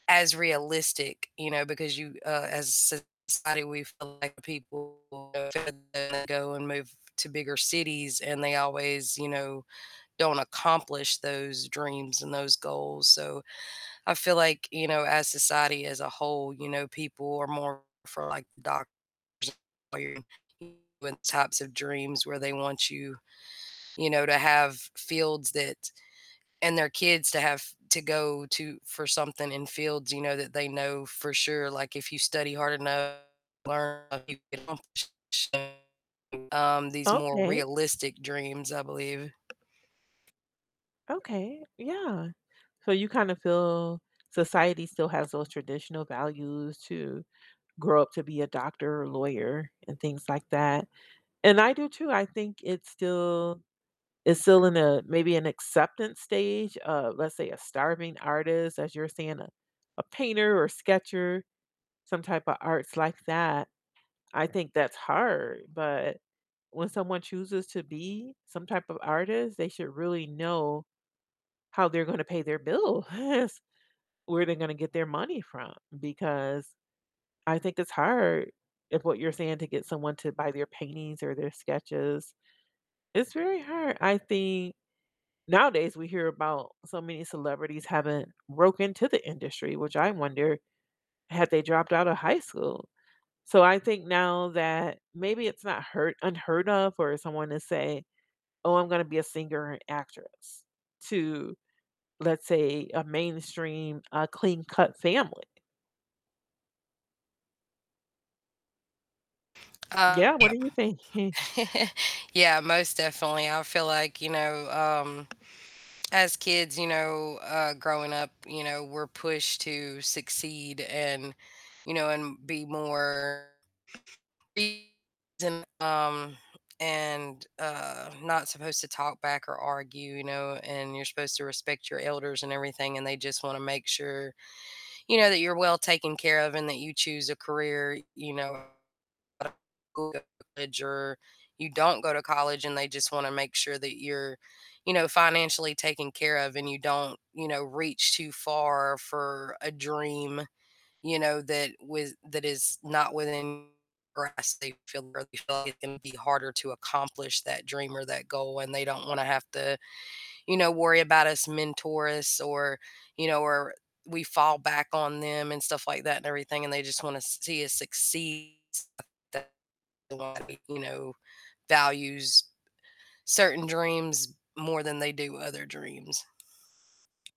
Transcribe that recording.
As realistic, you know, because you uh, as a society we feel like people [unintelligible] go and move to bigger cities and they always, you know, don't accomplish those dreams and those goals, so, I feel like, you know, as society as a whole, you know, people are more for like doctors and [unintelligible] lawyers and types of dreams where they want you, you know, to have fields that and their kids to have to go to for something in fields, you know, that they know for sure, like, if you study hard enough, and learn, you can accomplish [unintelligible] um, these more Okay. realistic dreams, I believe. Okay, yeah. So you kind of feel society still has those traditional values to grow up to be a doctor or lawyer and things like that, and I do too, I think it's still it's still in a maybe an acceptance stage of, let's say, a starving artist, as you were saying, uh, a painter or sketcher, some type of arts like that. I think that's hard, but when someone chooses to be some type of artist, they should really know how they're gonna pay their bills, where they're gonna get their money from, because I think it's hard if what you're saying to get someone to buy their paintings or their sketches. It's very hard. I think nowadays we hear about so many celebrities having broke into the industry, which I wonder, had they dropped outta high school? So I think now that maybe it's not hur unheard of for someone to say, "Oh, I'm gonna be a singer and an actress," to, let's say, a mainstream, a clean-cut family. Um, Yeah, what yep. do you thinking? Yeah, most definitely. I feel like, you know, um, as kids, you know, uh, growing up, you know, we're pushed to succeed and, you know, and be more [unintelligible] and um, and, uh, not supposed to talk back or argue, you know, and you're supposed to respect your elders and everything, and they just wanna make sure, you know, that you're well taken care of and that you choose a career, you know, [unintelligible] go to college or you don't go to college, and they just wanna make sure that you're, you know, financially taken care of and you don't, you know, reach too far for a dream, you know, that with that is not within grasp. They feel they feel like it can be harder to accomplish that dream or that goal, and they don't wanna have to, you know, worry about us, mentor us or, you know, or we fall back on them and stuff like that and everything, and they just wanna see us succeed. [unintelligible] you know, values certain dreams more than they do other dreams.